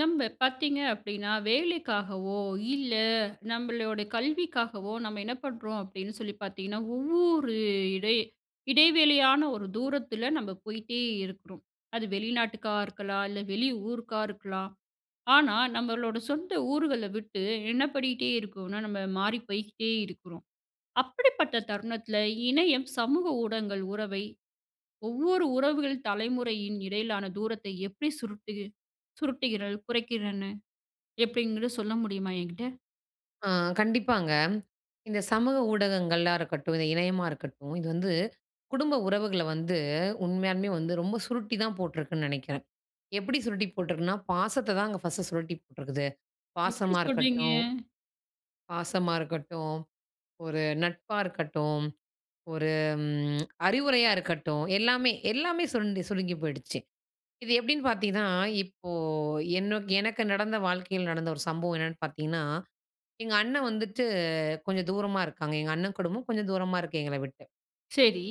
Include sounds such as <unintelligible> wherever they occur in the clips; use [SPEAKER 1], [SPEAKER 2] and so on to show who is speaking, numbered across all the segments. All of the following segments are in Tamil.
[SPEAKER 1] நம்ப பாத்தீங்க அப்டினா, வேலைக்காகவோ இல்ல நம்பளோட கல்விக்காகவோ, நம்ம என்ன பண்றோம்? அப்டின்னு சொல்லி பாத்தீங்கன்னா, ஒவ்வொரு இடை இடைவெளியான ஒரு தூரத்தில நம்ம போயிட்டே இருக்குறோம். அது வெளிநாட்டுக்கா இருக்கலாம், இல்ல வெளி ஊருக்கா இருக்கலாம், ஆனா நம்மளோட சொந்த ஊர்கள விட்டு என்ன பண்ணிட்டே இருக்கோன்னா, நம்ம மாறி போய்ட்டே இருக்கிறோம். அப்படிப்பட்ட தருணத்தில இணையம், சமூக ஊடகங்கள் உறவை, ஒவ்வொரு உறவுகள் தலைமுறையின் இடையிலான தூரத்தை எப்டி சுருட்டிகி சுருட்டுகிறல் குறைக்கிறன? எப்டிங்கிறது சொல்ல முடியுமா? எங்கிட்ட.
[SPEAKER 2] ஆ, கண்டிப்பாங்க. இந்த சமூக ஊடகங்களா இருக்கட்டும், இந்த இணையமா இருக்கட்டும், இது வந்து குடும்ப உறவுகள வந்து உண்மையாலுமே வந்து ரொம்ப சுருட்டி தான் போட்ருக்குன் நெனைக்கிறேன். எப்படி சுருட்டி போட்ருக்குன்னா, பாசத்த தாங்க ஃபர்ஸ்ட் சுருட்டி போட்ருக்குது.
[SPEAKER 1] எப்படி
[SPEAKER 2] பாசமா
[SPEAKER 1] சொல்றீங்க?
[SPEAKER 2] இருக்கட்டும் பாசமா இருக்கட்டும், ஒரு நட்பா இருக்கட்டும், ஒரு ம் அறிவுரையா இருக்கட்டும், எல்லாமே எல்லாமே சுருண்டு சுருங்கி போயிடுச்சு. இது எப்டின்னு பாத்தீங்கன்னா, இப்போ என்நோக் எனக்கு நடந்த வாழ்க்கையில நடந்த 1 சம்பவம் என்னான்னு பாத்தீங்கன்னா, எங்க அண்ணன் வந்துட்டு கொஞ்சம் தூரமா இருக்காங்க, எங்க அண்ணன் குடும்பம் கொஞ்சம் தூரமா இருக்கு எங்கள விட்டு.
[SPEAKER 1] செரி.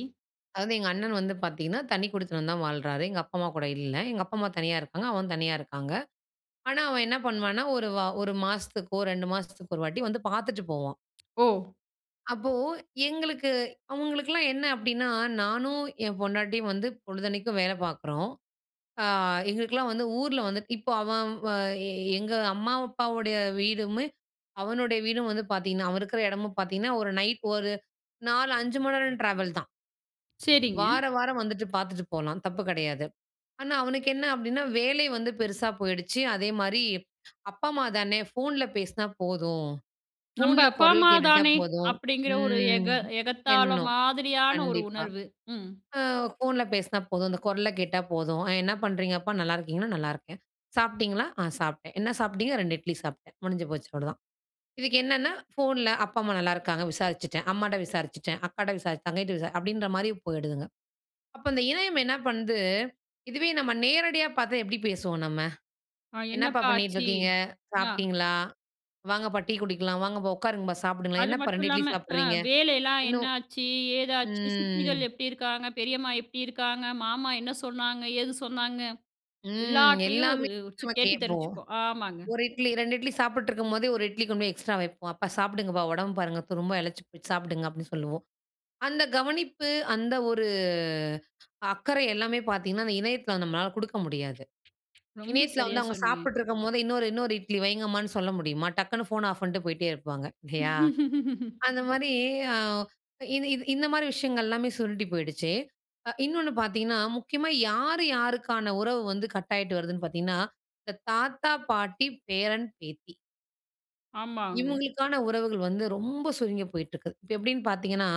[SPEAKER 2] அதாவது, எங்க அண்ணன் வந்து பாத்தீங்கன்னா, தனிக் குடித்தனம் தான் வாழ்றாரு. எங்க அப்பா, அம்மா கூட இல்ல. எங்க அப்பா, அம்மா தனியா இருக்காங்க. அவன், தனியா இருக்காங்க. ஆனா, அவன் என்ன பண்ணுவான்னா, ஒரு, வா 1 மாசத்துக்கோ, 2 மாசத்துக்கு ஒரு வாட்டி, வந்து பாத்துட்டு போவான்.
[SPEAKER 1] ஓ!
[SPEAKER 2] அப்போ, எங்களுக்கு அவுங்களுக்கெல்லாம் என்ன அப்படின்னா, நானும் என் பொண்டாட்டியும் வந்து பொழுதன்னைக்கு வேல பாக்குறோம். அ, எங்களுக்கெல்லாம் வந்து ஊர்ல வந்து இப்ப அவன் வ, எ, எங்க அம்மா, அப்பாவுடைய வீடுமே, அவனுடைய வீடும் வந்து பாத்தீங்கன்னா அவன் இருக்குற இடமும் பாத்தீங்கன்னா, ஒரு நைட், ஒரு 4- 5 மணி நேரம் டிராவல் தான்.
[SPEAKER 1] செரிங்க.
[SPEAKER 2] வார வாரம் வந்துட்டு பாத்துட்டு போலாம். தப்பு கிடையாது. ஆனா, அவனுக்கு என்ன அப்படின்னா, வேலை வந்து பெருசா போய்டுச்சு. அதே மாதிரி, அப்பா அம்மா தானே! ஃபோன்ல பேசினா போதும்.
[SPEAKER 1] "நம்ப
[SPEAKER 2] ஃபோன்ல
[SPEAKER 1] அப்பா,
[SPEAKER 2] குரல்
[SPEAKER 1] அம்மா
[SPEAKER 2] கேட்டுட்டா
[SPEAKER 1] தானே?"
[SPEAKER 2] போதும்.
[SPEAKER 1] அப்படிங்கிற ஒரு
[SPEAKER 2] ம்,
[SPEAKER 1] எக எகத்தாள
[SPEAKER 2] எண்ணம்.
[SPEAKER 1] மாதிரியான, ஒரு
[SPEAKER 2] கண்டிப்பா.
[SPEAKER 1] உணர்வு, ம்.
[SPEAKER 2] அ, ஃபோன்ல பேசினா போதும். அந்தக் குரல் கேட்டா போதும். அ, "என்ன பண்றீங்க அப்பா? நல்லாயிருக்கீங்கன்னா?" "நல்லாருக்கேன்." "சாப்ட்டீங்களா?" "ஆ, சாப்ட்டேன்." "என்ன சாப்ட்டீங்க?" "2 இட்லி சாப்பிட்டேன்." முடிஞ்சு போச்சு, அவ்ளோதான். இதுக்கு என்னென்னா, ஃபோன்ல அப்பா, அம்மா நல்லாருக்காங்க. விசாரிச்சுட்டேன். அம்மாட்ட விசாரிச்சுட்டேன். அக்காட்ட விசாரி தங்கைட்ட விசா அப்படின்ற மாதிரி, போயிடுதுங்க. அப்ப, அந்த இணையம் என்ன பண்ணுது? இதுவே நம்ம நேரடியா பாத்தா, எப்டி பேசுவோம் நம்ம?
[SPEAKER 1] ஆ.
[SPEAKER 2] "என்னப்பா
[SPEAKER 1] என்னப்பா
[SPEAKER 2] பண்ணீட்டு
[SPEAKER 1] ஆச்சு?
[SPEAKER 2] இருக்கீங்க?
[SPEAKER 1] ஆ,
[SPEAKER 2] சாப்ட்டீங்களா? வாங்கப்பா, டீ குடிக்கலாம். வாங்கப்பா, உட்காருங்கப்பா. சாப்பிடுங்களேன்?
[SPEAKER 1] அது
[SPEAKER 2] என்னப்பா
[SPEAKER 1] மட்டும்
[SPEAKER 2] 2 இட்லி
[SPEAKER 1] இல்லாம அ,
[SPEAKER 2] சாப்றீங்க?
[SPEAKER 1] வேலைலாம்
[SPEAKER 2] இன்னும்"
[SPEAKER 1] என்னாச்சு? ஏதாச்சு?
[SPEAKER 2] ம்.
[SPEAKER 1] சித்திகள் எப்படி இருக்காங்க? பெரியம்மா எப்படி இருக்காங்க? மாமா என்ன சொன்னாங்க? ஏது சொன்னாங்க?
[SPEAKER 2] ம்.
[SPEAKER 1] எல்லாத்திலயும் ஒரு
[SPEAKER 2] எல்லாமே
[SPEAKER 1] ஒருச்சு
[SPEAKER 2] நம்ம
[SPEAKER 1] கேட்டு
[SPEAKER 2] கேப்போம்.
[SPEAKER 1] தெரிஞ்சுக்வோ ஆமாங்க.
[SPEAKER 2] 1 இட்லி, 2 இட்லி சாப்பிட்டுருக்கும்போதே, 1 இட்லி கொண்டு போய் எக்ஸ்ட்ரா வைப்போம். "அப்பா சாப்பிடுங்கப்பா. உடம்ப பாருங்க, துரும்பா இளச்சு போச் சாப்டுங்க" அப்படின்னு சொல்வோம். அந்த கவனிப்பு, அந்த ஒரு அக்கறை, எல்லாமே பாத்தீங்கன்னா, அந்த இணையத்தில நம்மளால கொடுக்க முடியாது.
[SPEAKER 1] ரொம்ப
[SPEAKER 2] இணையத்தில
[SPEAKER 1] சரியா,
[SPEAKER 2] வந்து, அவுங்க
[SPEAKER 1] சொன்னீங்க.
[SPEAKER 2] சாப்பிட்டுருக்கும்போதே, இன்னொரு, இன்னொரு இட்லி வைங்கம்மான்னு சொல்ல முடியுமா? டக்குனு ஃபோன் ஆஃப் பண்ணிட்டு, போயிட்டே இருப்பாங்க. இல்லையா?
[SPEAKER 1] <laughs>
[SPEAKER 2] அந்த மாதிரி, அ, இது இது, இந்த மாதிரி, விஷயங்கள் எல்லாமே சுருண்டு போயிடுச்சு. அ, இன்னொன்னு பாத்தீங்கன்னா, முக்கியமா யார் யாருக்கான உறவு வந்து, கட்டாயிட்டு வருதுன்னு பாத்தீங்கன்னா, இந்த தாத்தா, பாட்டி. பேரன், பேத்தி.
[SPEAKER 1] ஆமாங்க.
[SPEAKER 2] இவங்களுக்கான உறவுகள் வந்து ரொம்ப சுருங்கி போயிட்டிருக்கு. இப்ப எப்டின்னு பார்த்தீங்கன்னா,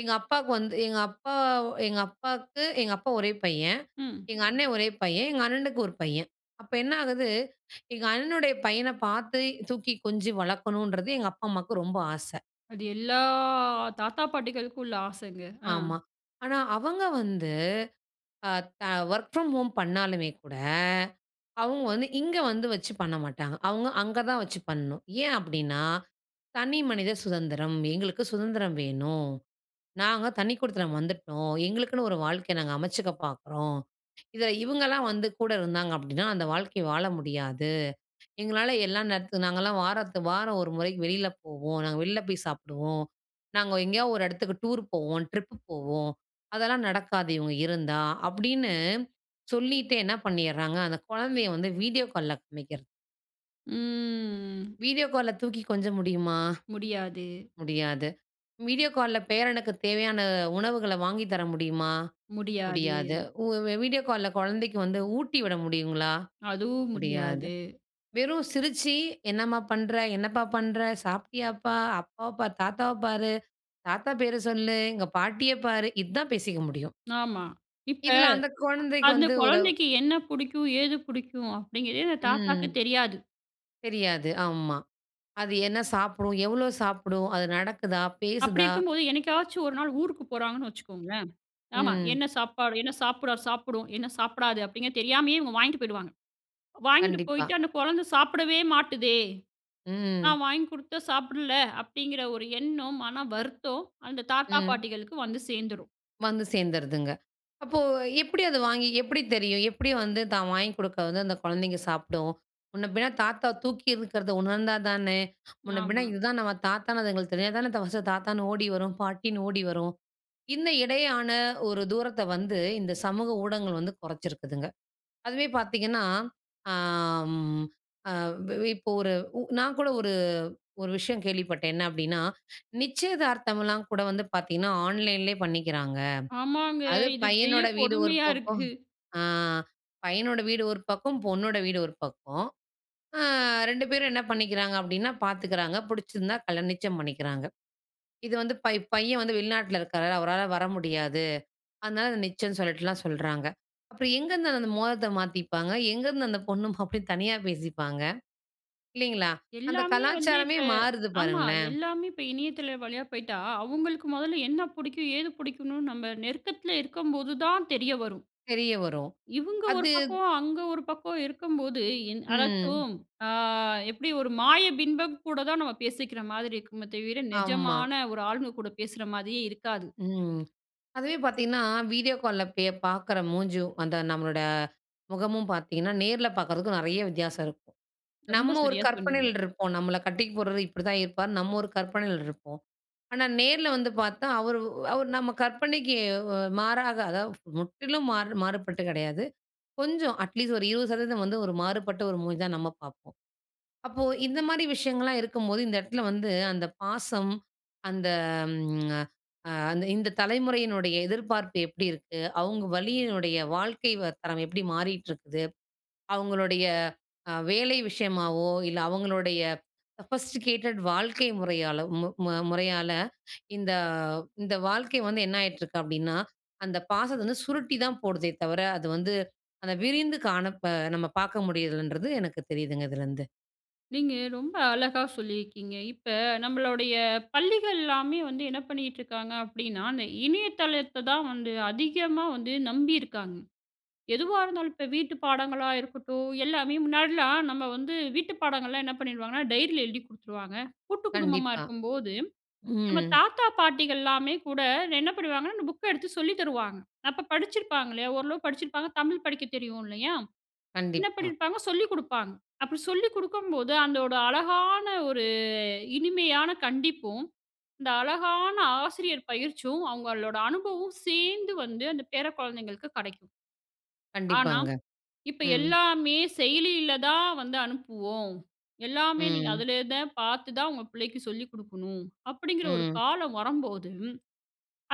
[SPEAKER 2] எங்க அப்பாவுக்கு வந்து எங்க அப்பா எங்க அப்பாக்கு எங்க அப்பா 1 பையன்.
[SPEAKER 1] ம்.
[SPEAKER 2] எங்க அண்ணே 1 பையன். எங்க அண்ணனுக்கு 1 பையன். அப்போ என்ன ஆகுது, எங்க அண்ணனுடைய பையன பார்த்து, தூக்கி கொஞ்சு வளர்க்கணுன்றது, எங்க அப்பா அம்மாவுக்கு ரொம்ப ஆச.
[SPEAKER 1] அது எல்லா தாத்தா, பாட்டிகளுக்கும் உள்ள ஆசைங்க! ஆ.
[SPEAKER 2] ஆமா. ஆனா, அவங்க வந்து அ த வொர்க் ஃப்ரம் ஹோம் பண்ணாலுமே கூட, அவங்க வந்து இங்க வந்து வச்சு பண்ண மாட்டாங்க. அவங்க, அங்க தான் வச்சு பண்ணணும். ஏ அப்டினா? தனி மனித சுதந்திரம். "எங்களுக்கு சுதந்திரம் வேணும். நாங்க தனி குடித்தனம் வந்துட்டோம். எங்களுக்குன்னு ஒரு வாழ்க்கைய நாங்க அமைச்சுக்க பார்க்கிறோம். இதில இவங்களாம் வந்து கூட இருந்தாங்க அப்டின்னா, அந்த வாழ்க்கை வாழ முடியாது. எங்களால எல்லா நேரத்து நாங்கலாம் வாரத்துக்கு வாரம் 1 முறைக்கு வெளியில போவோம். நாங்க வெளியில போய் சாப்பிடுவோம். நாங்க எங்கேயாவது ஒரு இடத்துக்கு டூர் போவோம், ட்ரிப்பு போவோம். அதெல்லாம் நடக்காது, இவங்க இருந்தா." அப்டின்னு சொல்லிட்டே என்ன பண்ணியர்றாங்க, அந்த குழந்தைய வந்து வீடியோ கால்ல காமிக்கிறது
[SPEAKER 1] ம்.
[SPEAKER 2] வீடியோ கால்ல வீடியோ கால்ல தூக்கி கொஞ்ச முடியுமா?
[SPEAKER 1] முடியாது.
[SPEAKER 2] முடியாது. வீடியோ கால்ல பேரனுக்குத் தேவையான உணவுகள வாங்கி தர முடியுமா?
[SPEAKER 1] முடியாது.
[SPEAKER 2] முடியாது. உ வீடியோ கால்ல குழந்தைக்கு வந்து ஊட்டி விட முடியுங்களா?
[SPEAKER 1] அதுவும்,
[SPEAKER 2] முடியாது.
[SPEAKER 1] முடியாது.
[SPEAKER 2] வெறும் சிரிச்சு, "என்னம்மா பண்ற? என்னப்பா பண்ற? சாப்பிட்டியாப்பா? அப்பாவ பார், தாத்தாவ பாரு, தாத்தா பேர சொல்லு, இங்க பாட்டிய பாரு." இதுதான் பேசிக்க முடியும்.
[SPEAKER 1] ஆமா, இப்ப
[SPEAKER 2] இதில அந்த குழந்தைக்கு
[SPEAKER 1] அந்த
[SPEAKER 2] வந்து ஒரு
[SPEAKER 1] குழந்தைக்கு என்ன புடிக்கும்? ஏது புடிக்கும்? அப்டிங்கிறதே அந்த தாத்தாவுக்கு
[SPEAKER 2] ம்.
[SPEAKER 1] தெரியாது.
[SPEAKER 2] தெரியாது, ஆமா. அது என்ன சாப்பிடும்? எவ்வளோ சாப்பிடும்? அது நடக்குதா,
[SPEAKER 1] அப்படி
[SPEAKER 2] பேசுதா?
[SPEAKER 1] இருக்கும்போது, என்னைக்காச்சும் 1 நாள் ஊருக்கு போறாங்கன்னு வச்சுக்கோங்களேன். ஆமா,
[SPEAKER 2] ம்.
[SPEAKER 1] என்ன சாப்பாடு என்ன சாப்பிட்ரார் சாப்பிடும், என்ன சாப்பிடாது? அப்படிங்க தெரியாமயே இவுங்க வாங்ட்டு போயிடுவாங்க. வாங்கிட்டு
[SPEAKER 2] கண்டிப்பா.
[SPEAKER 1] போயிட்டு, "அந்த குழந்தை சாப்பிடவே மாட்டுதே,
[SPEAKER 2] ம்.
[SPEAKER 1] நான் வாங்கி குடுத்தா சாப்பிடல." அப்டிங்கிற ஒரு எண்ணம், மன வருத்தம் அந்த தாத்தா
[SPEAKER 2] ம்.
[SPEAKER 1] பாட்டிகளுக்கு வந்து சேந்துரும்.
[SPEAKER 2] வந்து சேர்ந்துருதுங்க. அப்போ எப்புடி அதை வாங்கி எப்புடி தெரியும்? எப்புடி வந்து தான் வாங்கி கொடுக்க வந்து, அந்த குழந்தைங்க சாப்பிடும்? முன்ன பின்ன தாத்தா தூக்கி இருக்கிறத உணர்ந்தா தானே, முன்ன பின்ன
[SPEAKER 1] ஆமா.
[SPEAKER 2] இதுதான் நம்ம தாத்தா அதுங்களுக்கு தெரிஞ்சா தானே, ஃபஸ்ட்டு தாத்தான்னு ஓடி வரும் பாட்டின்னு ஓடி வரும். இன்ன இடையான ஒரு தூரத்த வந்து, இந்த சமூக ஊடகங்கள் வந்து குறைச்சிருக்குதுங்க. அதுவே பாத்தீங்கன்னா, அ ம் எ வெ இப்ப ஒரு உ நான் கூட ஒரு ஒரு விஷயம் கேள்விப்பட்டேன். என்ன அப்டின்னா, நிச்சயதார்த்தமலாம் கூட வந்து பாத்தீங்கன்னா, ஆன்லைன்லயே பண்ணிக்கிறாங்க.
[SPEAKER 1] ஆமாங்க.
[SPEAKER 2] அது
[SPEAKER 1] இது பெரிய
[SPEAKER 2] பையனோட வீடு ஒரு
[SPEAKER 1] கொடுமையா
[SPEAKER 2] பக்கம்
[SPEAKER 1] இருக்கு!
[SPEAKER 2] அ பையனோட வீடு ஒரு பக்கம், பொண்ணோட வீடு ஒரு பக்கம். அ 2 பேரும் என்ன பண்ணிக்கிறாங்க அப்படின்னா, பாத்துக்குறாங்க, புடிச்சிருந்தா கல்யா நிச்சயம் பண்ணிக்கிறாங்க. இது வந்து பை பையன் வந்து வெளிநாட்டில இருக்கறாரு, அவரால வர முடியாது. அதனால அதை நிச்சயன்னு சொல்லிட்டு சொல்றாங்க. அப்றம் எங்கருந்து அந்த மோதரத்தை மாத்திப்பாங்க? எங்கருந்து அந்த பொண்ணும், மாப்ளயும் தனியா பேசிப்பாங்க? இல்லைங்களா? அந்த
[SPEAKER 1] எல்லாமே வந்து
[SPEAKER 2] கலாச்சாரமே
[SPEAKER 1] இப்ப
[SPEAKER 2] மாறுது
[SPEAKER 1] ஆமா
[SPEAKER 2] பாருங்களேன்.
[SPEAKER 1] எல்லாமே இப்போ இணையத்தள வழியா போய்ட்டா, அவுங்களுக்கு மொதல்ல என்ன புடிக்கும், ஏது பிடிக்குனுன் நம்ம நெருக்கத்ல இருக்கும்போது தான் தெரிய வரும்.
[SPEAKER 2] தெரிய வரும்.
[SPEAKER 1] இவுங்க ஒரு
[SPEAKER 2] அது
[SPEAKER 1] பக்கம், அங்க ஒரு பக்கம் இருக்கும்போது, இன்
[SPEAKER 2] ம்.
[SPEAKER 1] அதாச்சும் ஆ எப்படி ஒரு மாய பிம்பம் கூட தான் நம்ம பேசிக்கிற மாதிரி இருக்குமே தவிர,
[SPEAKER 2] ஆமா.
[SPEAKER 1] நெஜமான ஒரு ஆளுங்க கூட பேசுற மாதிரியே இருக்காது.
[SPEAKER 2] ம், <swallows> அதுவே பாத்தீங்கன்னா, வீடியோ கால்ல பே பாக்குற மூஞ்சும், அந்த நம்மளோட முகமும் பார்த்தீங்கன்னா, நேர்ல பாக்றதுக்கும் நிறைய வித்தியாசம் இருக்கும்.
[SPEAKER 1] ரொம்ப
[SPEAKER 2] நம்ம ஒரு
[SPEAKER 1] சரியா
[SPEAKER 2] கற்பனைல
[SPEAKER 1] சொன்னீங்க.
[SPEAKER 2] இருப்போம். "நம்மள கட்டிக்க போறவரு இப்படிதான் இருப்பார்னு", நம்ம ஒரு கற்பனையில இருப்போம். ஆனா நேர்ல வந்து பாத்தா, அவரு ஒ அவரு நம்ம கற்பனைக்கு ஓ வ மாறாக, அதாவது முற்றிலும் மாறு மாறுபட்டு கிடையாது. கொஞ்சம் அட்லீஸ்ட் ஒரு 20% வந்து ஒரு மாறுபட்ட ஒரு மூஞ்சி தான் நம்ம பாப்போம். அப்போ இந்த மாரி விஷயங்கள்லாம் இருக்கும்போது, இந்த இடத்ல வந்து அந்த பாசம், அந்த ம்ங்அ அ அந்த் இந்த தலைமுறையினுடைய எதிர்பார்ப்பு எப்புடி இருக்கு? அவுங்க வழியினுடைய வாழ்க்கை தரம் எப்படி மாறிட்ருக்குது? அவங்களுடைய அ வேலை விஷயமாவோ, இல்ல அவங்களுடைய சொஃபஸ்ட்டிகேட்டட் வாழ்க்கை மு முறையாலோ முறையால, இந்த இந்த வாழ்க்கை வந்து என்னாயிட்ருக்கு அப்டின்னா, அந்த பாசத்தை வந்து சுருட்டி தான் போடுதே தவிர, அது வந்து, அந்த விரிந்து காணப்ப நம்ம பாக்க முடியுறதில்லன்றது எனக்கு தெரியுதுங்க, இதுலருந்து.
[SPEAKER 1] நீங்க ரொம்ப அழகா சொல்லியிருக்கீங்க. இப்ப நம்மளுடைய பள்ளிகள்லாமே வந்து என்ன பண்ணிகிட்டுருக்காங்க? அப்படின்னா அந்த இணையதளத்த தான் வந்து அதிகமா வந்து நம்பியிருக்காங்க. எதுவா இருந்தாலும், இப்போ வீட்டு பாடங்களா இருக்கட்டும். எல்லாமே முன்னாடிலாம் நம்ம வந்து வீட்டு பாடங்கள்லா என்ன பண்ணிடுவாங்கன்னா, டைரியில எழுதிக் குடுத்துருவாங்க. கூட்டு குடும்பமா
[SPEAKER 2] கண்டிப்பா.
[SPEAKER 1] இருக்கும்போது, நம்ம
[SPEAKER 2] ம்.
[SPEAKER 1] தாத்தா பாட்டிகள்லாமே கூட என்ன பண்ணுவாங்கன்னா, அந்த புக்க எடுத்து சொல்லி தருவாங்க. அப்ப படிச்சிருப்பாங்க இல்லையா? ஓரளவு படிச்சிருப்பாங்க தமிழ் படிக்கத் தெரியும் இல்லையா? என்ன
[SPEAKER 2] கண்டிப்பா.
[SPEAKER 1] பண்ணியிருப்பாங்க? சொல்லி குடுப்பாங்க. அப்படி சொல்லி குடுக்கும் போது அதோட அழகான ஒரு இனிமையான கண்டிப்பும், இந்த அழகான ஆசிரியர் பயிற்சியும், அவங்களோட அனுபவம் சேர்ந்து வந்து அந்த பேர குழந்தைங்களுக்கு கெடைக்கும். ஆனா,
[SPEAKER 2] கண்டிப்பாங்க.
[SPEAKER 1] இப்ப
[SPEAKER 2] ம்.
[SPEAKER 1] எல்லாமே செயலியில தான் வந்து அனுப்புவோம். எல்லாமே நீங்க
[SPEAKER 2] ம்.
[SPEAKER 1] அதிலே தான் பாத்து தான் உங்க புள்ளைக்கு சொல்லிக் குடுக்கணும், அப்படிங்கிற ஒரு
[SPEAKER 2] ம்.
[SPEAKER 1] காலம் வரம்போது,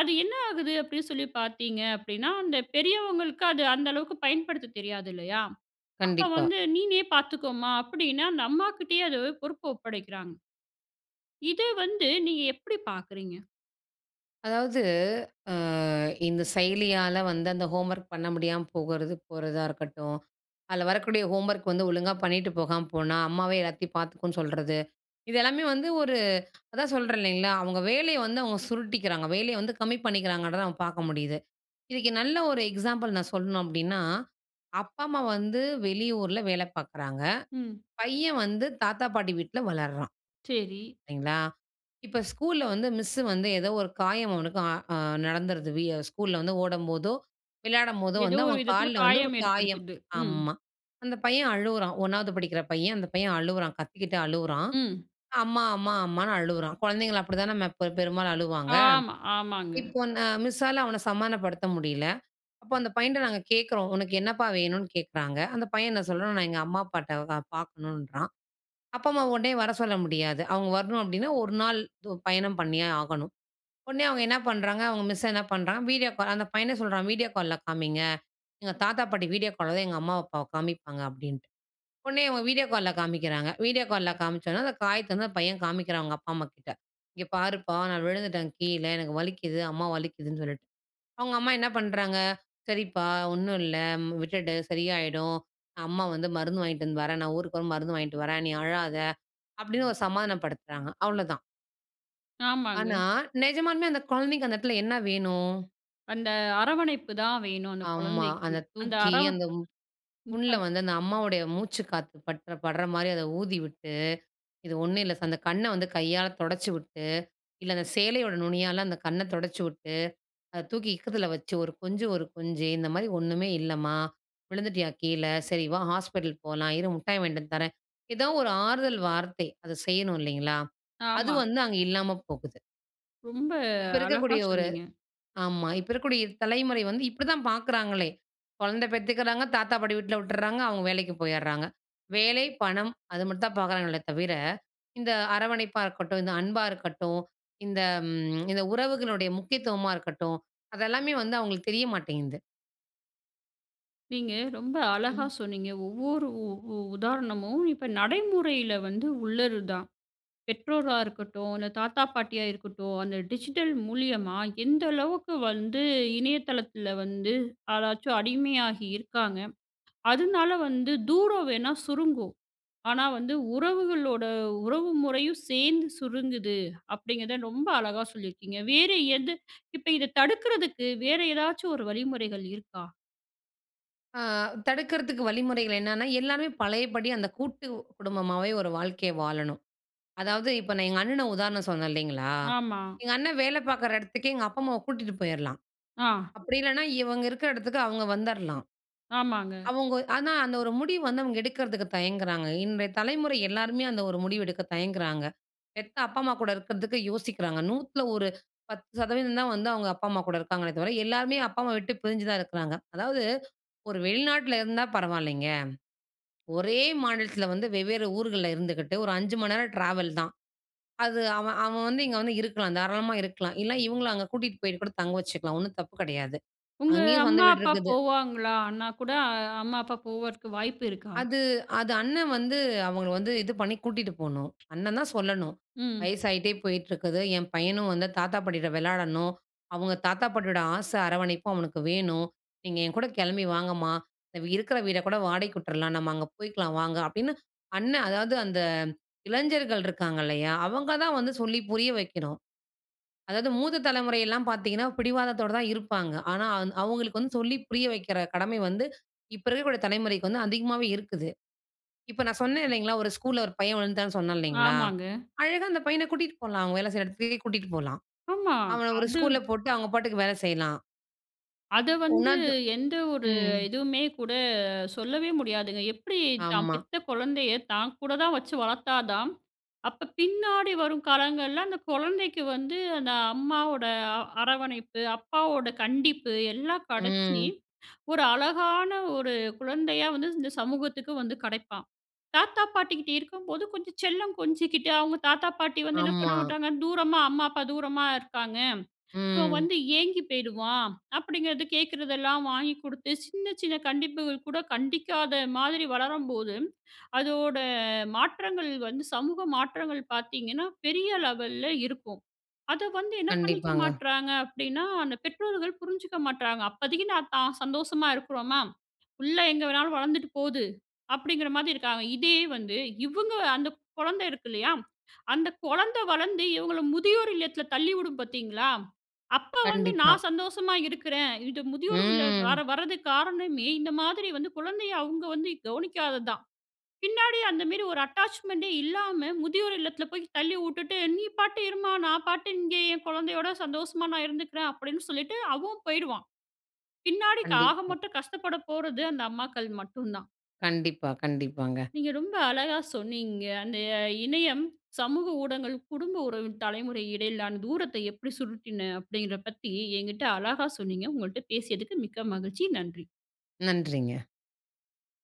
[SPEAKER 1] அது என்ன ஆகுது? அப்படின்னு சொல்லி பார்த்தீங்க அப்டீன்னா, அந்த பெரியவங்களுக்கு அது அந்த அளவுக்கு பயன்படுத்த தெரியாது இல்லையா? அப்ப
[SPEAKER 2] கண்டிப்பா.
[SPEAKER 1] வந்து நீனே பார்த்துக்கோமா, அப்டின்னு அந்த அம்மாகிட்டேயே அந்த பொறுப்ப ஒப்படைக்கிறாங்க. இத வந்து நீங்க எப்படி பாக்கிறீங்க?
[SPEAKER 2] அதாவது, ஆ இந்த செயலியால வந்து அந்த ஹோம்வர்க் பண்ண முடியாம போகுறது, போறதா இருக்கட்டும். அதுல வரக்கூடிய ஹோம்வர்க் வந்து ஒழுங்கா பண்ணிட்டு போகாம போனா அம்மாவே எல்லாத்தையும் பாத்துக்கும்னு சொல்றது, இதெல்லாமே வந்து ஒரு அதான் சொல்றேன் இல்லைங்களா, அவங்க வேலைய வந்து அவங்க சுருட்டிக்கிறாங்க, வேலைய வந்து கம்மி பண்ணிக்குறாங்கன்றத நம்ம பாக்க முடியுது. இதுக்கு நல்ல ஒரு எக்ஸாம்பிள் நான் சொல்லணும் அப்படின்னா, அப்பா அம்மா வந்து வெளியூரில வேல பாக்குறாங்க,
[SPEAKER 1] ம்.
[SPEAKER 2] பையன் வந்து தாத்தா பாட்டி வீட்ல வளர்றான்,
[SPEAKER 1] செரி.
[SPEAKER 2] சரிங்களா? இப்ப ஸ்கூல்ல வந்து மிஸ்ஸு வந்து ஏதோ ஒரு காயம் அவனுக்கு ஆ ஆ நடந்துடுது வியோ ஸ்கூல்ல வந்து ஓடும்போதோ, விளையாடும்போதோ
[SPEAKER 1] ஏதோ
[SPEAKER 2] வந்து
[SPEAKER 1] ஒரு
[SPEAKER 2] அவன்
[SPEAKER 1] விதத்துல
[SPEAKER 2] கால்ல வந்து ஒரு
[SPEAKER 1] காயம்
[SPEAKER 2] காயம்.
[SPEAKER 1] ஏற்படுத்துது. ம்.
[SPEAKER 2] ஆமா. அந்த பையன் அழுவுறான் 1வது படிக்கிற பையன் அந்த பையன் அழுவுறான், கத்திக்கிட்டு அழுவுறான்.
[SPEAKER 1] ம்.
[SPEAKER 2] அம்மா, அம்மா, அம்மான்னு அழுவுறான். குழந்தைங்கள அப்படித்தானே ம ப பெரும்பாலும் அழுவாங்க.
[SPEAKER 1] ஆமா, ஆமாங்க.
[SPEAKER 2] இப்போ நா மிஸ்ஸால அவன சமானப்படுத்த முடியல. அப்ப அந்த பையன்ட்ட நாங்க கேட்குறோம். உனக்கு என்னப்பா வேணுன்னு கேட்குறாங்க? அந்த பையன் என்ன சொல்றான்? நான் எங்க அம்மா அப்பாட்ட பா பாக்கணுன்றான். அப்பா, அம்மா உடனே வர சொல்ல முடியாது அவங்க வரணும் அப்படின்னா 1 நாள் து பயணம் பண்ணியே ஆகணும். உடனே அவங்க என்ன பண்றாங்க? அவங்க மிஸ் என்ன பண்றாங்க? வீடியோ கால் அந்த பையனே சொல்றான், வீடியோ கால்ல காமிங்க, எங்க தாத்தா பாட்டி வீடியோ கால் தான் எங்க அம்மா அப்பாவ காமிப்பாங்க அப்டின்ட்டு, உடனே இவங்க வீடியோ கால்ல காமிக்கிறாங்க. வீடியோ கால்ல காமிச்சதும் அந்த காயத்த வந்து அந்த பையன் காமிக்கிறான், அவங்க அப்பா அம்மாகிட்ட. இங்க பாருப்பா! நான் விழுந்துட்டேன் கீழ, எனக்கு வலிக்குது, அம்மா வலிக்குதுன்னு சொல்லிட்டு. அவங்க அம்மா என்ன பண்றாங்க? சரிப்பா ஒண்ணும் இல்ல விட்டுடு, சரியாய்டும். அம்மா வந்து மருந்து வாங்கிட்டு வந்து வர்றேன் நான் ஊருக்கு வரும்போது மருந்து வாங்கிட்டு வர்றேன், நீ அழாத! அப்படின்னு ஒரு சமாதானம் படுத்துறாங்க அவ்ளோதான்.
[SPEAKER 1] ஆமாங்க.
[SPEAKER 2] ஆனா, நிஜமாலுமே அந்த கொழந்தைக்கு அந்த எடத்துல என்ன வேணும்?
[SPEAKER 1] அந்த அரவணைப்பு தான் வேணும் அந்த
[SPEAKER 2] ஆமா.
[SPEAKER 1] கொழந்தைக்கு.
[SPEAKER 2] அத
[SPEAKER 1] அந்த
[SPEAKER 2] தூக்கி
[SPEAKER 1] அரவ
[SPEAKER 2] அந்த மு
[SPEAKER 1] ம்
[SPEAKER 2] புண்ல
[SPEAKER 1] <unintelligible>
[SPEAKER 2] வந்து, அந்த அம்மாவுடைய மூச்சு காத்து பட்ற படுற மாரி, அத ஊதிவிட்டு, இது ஒண்ணும் இல்ல சா அந்த கண்ண வந்து கையால தொடச்சி விட்டு, இல்ல அந்த சேலையோட நுனியால அந்த கண்ண தொடைச்சி விட்டு, அத தூக்கி இக்கத்துல வச்சு ஒரு கொஞ்சு ஒரு கொஞ்சு, இந்த மாரி "ஒண்ணுமே இல்லம்மா! விழுந்துட்டியா கீழ? சரி வா ஹாஸ்பிட்டல் போலாம், இரு முட்டாய் வாங்கிட்டு வந்து தர்றேன்", எதோ ஒரு ஆறுதல் வார்த்தை. அதை செய்யணும் இல்லைங்களா? அது
[SPEAKER 1] ஆமா.
[SPEAKER 2] வந்து அங்க இல்லாம போகுது.
[SPEAKER 1] ரொம்ப
[SPEAKER 2] இப்ப
[SPEAKER 1] அழகா
[SPEAKER 2] இருக்கக்கூடிய ஒரு
[SPEAKER 1] சொன்னீங்க.
[SPEAKER 2] ஆமா இப்ப இருக்கக்கூடிய தலைமுறை வந்து இப்டிதான் பார்க்குறாங்களே. கொழந்த பெத்துக்குறாங்க, தாத்தா பாட்டி வீட்ல விட்றாங்க, அவங்க வேலைக்கு போயிட்றாங்க. வேலை, பணம் அது மட்டும் தான் பார்க்குறாங்களே தவிர, இந்த அரவணைப்பா இருக்கட்டும், இந்த அன்பா இருக்கட்டும், இந்த ம் இந்த உறவுகளுடைய முக்கியத்துவமா இருக்கட்டும் அது எல்லாமே வந்து அவுங்களுக்கு தெரிய மாட்டேங்குது.
[SPEAKER 1] நீங்க ரொம்ப அழகா
[SPEAKER 2] ம்.
[SPEAKER 1] சொன்னீங்க. ஒவ்வொரு உ உ உதாரணமும் இப்ப நடைமுறையில வந்து உள்ளது தான். பெற்றோரா இருக்கட்டும், அந்த தாத்தா பாட்டியா இருக்கட்டும், அந்த டிஜிட்டல் மூலியமா எந்த அளவுக்கு வந்து, இணையதளத்துல வந்து அதாச்சும் அடிமையாகி இருக்காங்க! அதனால வந்து தூரம் வேணா சுருங்கும். ஆனா வந்து உறவுகளோட உறவு முறையும் சேர்ந்து சுருங்குது, அப்டிங்கிறத ரொம்ப அழகா சொல்லியிருக்கீங்க. வேற எது? இப்ப இத தடுக்குறதுக்கு வேறு ஏதாச்சும் ஒரு வழிமுறைகள் இருக்கா?
[SPEAKER 2] ஆ, தடுக்கிறதுக்கு வழிமுறைகள் என்னென்னா, எல்லாருமே பழையபடி அந்த கூட்டு குடும்பமாவே ஒரு வாழ்க்கைய வாழணும், அதாவது இப்போ நான் எங்க அண்ணன உதாரணம் சொன்னேன் இல்லேங்களா!
[SPEAKER 1] ஆமா.
[SPEAKER 2] எங்க அண்ணன் வேலை பார்க்குற இடத்துக்கே எங்க அப்பா அம்மாவ கூட்டிட்டு போயிர்லாம்,
[SPEAKER 1] ஆ.
[SPEAKER 2] அப்பிடி இல்லன்னா இவுங்க இருக்கிற இடத்துக்கு அவுங்க வந்துர்லாம்,
[SPEAKER 1] ஆமாங்க.
[SPEAKER 2] அவுங்க ஆனா அந்த ஒரு முடிவு வந்து அவுங்க எடுக்கிறதுக்கு தயங்குறாங்க, இன்றைய தலைமுறை எல்லாருமே அந்த ஒரு முடிவு எடுக்க தயங்குறாங்க, பெத்த அப்பா, அம்மா கூட இருக்கிறதுக்கு யோசிக்கிறாங்க, நூத்தில ஒரு 10 சதவீதந்தான் வந்து அவுங்க அப்பா, அம்மா கூட இருக்காங்களே! தவிர எல்லாருமே அப்பா, அம்மாவ விட்டு பிரிஞ்சுதான் இருக்கிறாங்க, அதாவது ஒரு வெளிநாட்டில இருந்தா பரவாயில்லேங்க, ஒரே மாநிலத்தில வந்து வெவ்வேறு ஊர்கள்ல இருந்துக்கிட்டு ஒரு 5 மணி நேரம் ட்ராவல் தான், அது அவன், அவன் வந்து இங்க வந்து இருக்கலாம் தாராளமா இருக்கலாம். இல்ல இவுங்களும் அங்க கூட்டிட்டு போயிட்டு கூட தங்க வச்சுக்கலாம். 1 தப்பு கிடையாது.
[SPEAKER 1] உங்க
[SPEAKER 2] அங்கேயும் சொந்த
[SPEAKER 1] அம்மா,
[SPEAKER 2] வீடு
[SPEAKER 1] அப்பா
[SPEAKER 2] இருக்குது.
[SPEAKER 1] போவாங்கலா அண்ணா கூட. அம்மா அப்பா போகுறதுக்கு வாய்ப்பு இருக்கா?
[SPEAKER 2] அது, அது அண்ணன் வந்து அவங்கள வந்து இது பண்ணி கூட்டிட்டு போணும். அண்ணன் தான் சொல்லணும்.
[SPEAKER 1] ம்.
[SPEAKER 2] வயசாயிட்டே போயிட்டு இருக்குது, என் பையனும் வந்து தாத்தா, பாட்டிட்ட விளையாடணும், அவங்க தாத்தா பாட்டியோட ஆசை அரவணைப்பும் அவனுக்கு வேணும். நீங்க என்கூட கிளம்பி வாங்கம்மா! அ இருக்கிற வீட கூட வாடகைக்கு விட்டுர்லாம், நம்ம அங்க போயிக்கலாம் வாங்க அப்பிடின்னு அண்ணன் அதாவது அந்த இளைஞர்கள் இருக்காங்க இல்லயா! அவுங்க தான் வந்து சொல்லி புரிய வைக்கணும். அதாவது மூத்த தலைமுறையெல்லாம் பார்த்தீங்கன்னா பிடிவாதத்தோட தான் இருப்பாங்க, ஆனா அவுங்களுக்கு வந்து சொல்லி புரிய வைக்கிற கடமை வந்து, இப்போ இருக்கக்கூடிய தலைமுறைக்கு வந்து அதிகமாவே இருக்குது. இப்போ நான் சொன்னேன் இல்லேங்களா, ஒரு ஸ்கூல்ல ஒரு பையன் விழுந்துட்டான்னு சொன்னேன் இல்லேங்களா.
[SPEAKER 1] ஆமாங்க.
[SPEAKER 2] அழகா அந்த பையனை கூட்டிட்டு போலாம். அவுங்க வேல செய்ற இடத்துக்கே கூட்டிட்டு போலாம்.
[SPEAKER 1] ஆமா.
[SPEAKER 2] அவன ஒரு
[SPEAKER 1] அது
[SPEAKER 2] ஸ்கூல்ல போட்டு அவுங்க பாட்டுக்கு வேலை செய்யலாம்.
[SPEAKER 1] அது வந்து
[SPEAKER 2] உணர்ந்து
[SPEAKER 1] எந்த ஒரு
[SPEAKER 2] ம்.
[SPEAKER 1] இதுவுமே கூட சொல்லவே முடியாதுங்க. எப்டி தான்
[SPEAKER 2] ஆமா.
[SPEAKER 1] பெத்த குழந்தைய தான் கூட தான் வச்சு வளத்தா தான், அப்போ பின்னாடி வரும் காலங்கள்ல அந்த கொழந்தைக்கு வந்து அந்த அம்மாவோட அ அரவணைப்பு, அப்பாவோட கண்டிப்பு எல்லாம் கடச்சு
[SPEAKER 2] ம்.
[SPEAKER 1] ஒரு அழகான ஒரு குழந்தையா வந்து இந்த சமூகத்துக்கு வந்து கிடைப்பான். தாத்தா பாட்டிகிட்ட இருக்கும்போது கொஞ்சம் செல்லம் கொஞ்சிக்கிட்டு, அவுங்க தாத்தா பாட்டி வந்து என்ன பண்ண
[SPEAKER 2] ஆமா.
[SPEAKER 1] மாட்டாங்க, "தூரமா அம்மா, அப்பா தூரமா இருக்காங்க. இவன்
[SPEAKER 2] ம்.
[SPEAKER 1] வந்து ஏங்கி போயிருவான்." அப்படிங்கிறது. கேக்கிறதெல்லாம் வாங்கி குடுத்து சின்ன சின்ன கண்டிப்புகள் கூட கண்டிக்காத மாதிரி வளரும்போது, அதோட மாற்றங்கள் வந்து சமூக மாற்றங்கள் பாத்தீங்கன்னா பெரிய லெவல்ல இருக்கும். அத வந்து என்ன பண்ணிக்க
[SPEAKER 2] கண்டிப்பாங்க.
[SPEAKER 1] மாட்றாங்க அப்டின்னா, அந்த பெற்றோர்கள் புரிஞ்சுக்க மாட்றாங்க. அப்பதைக்கு நான் தான் சந்தோஷமா இருக்குறோமா, "புள்ள எங்கே வேணாலும் வளந்துட்டு போது!" அப்படிங்கிற மாதி இருக்காங்க. இதே வந்து இவுங்க அந்த குழந்தை இருக்கு இல்லையா, அந்த கொழந்தை வளர்ந்து இவுங்கள முதியோர் இல்லத்ல தள்ளிவுடும் பாத்தீங்களா, அப்போ வந்து
[SPEAKER 2] கண்டிப்பா.
[SPEAKER 1] நான் சந்தோஷமா இருக்குறேன். இது முதியோர் இல்லம் கார
[SPEAKER 2] ம்.
[SPEAKER 1] வரதுக்க்கு காரணமே இந்த மாதிரி வந்து குழந்தைய அவுங்க வந்து கவனிக்காதது தான். பின்னாடி அந்த மாரி ஒரு அட்டாச்மென்ட்டே இல்லாம, முதியோர் இல்லத்ல போயி தள்ளி உட்டுட்டு, "நீ பாட்டு இரும்மா, நான் பாட்டு இங்கே என் குழந்தையோட சந்தோஷமா நான் இருந்துக்குறேன்." அப்படின்னு சொல்லிட்டு அவன் போய்டுவான். பின்னாடிக் ஆக
[SPEAKER 2] கண்டிப்பா.
[SPEAKER 1] மொத்தம் கஷ்டப்பட போறது அந்த அம்மாக்கள் மட்டும் தான்.
[SPEAKER 2] கண்டிப்பா, கண்டிப்பாங்க.
[SPEAKER 1] நீங்க ரொம்ப அழகா சொன்னீங்க. அந்த இணையம், சமூக ஊடகங்கள் குடும்ப உறவின் தலைமுறை இடையிலான தூரத்தை எப்படி சுருக்கின அப்படின்ற பத்தி எங்கிட்ட அழகா சொன்னீங்க. உங்கள்ட்ட பேசியதுக்கு மிக்க மகிழ்ச்சி நன்றி.
[SPEAKER 2] நன்றிங்க.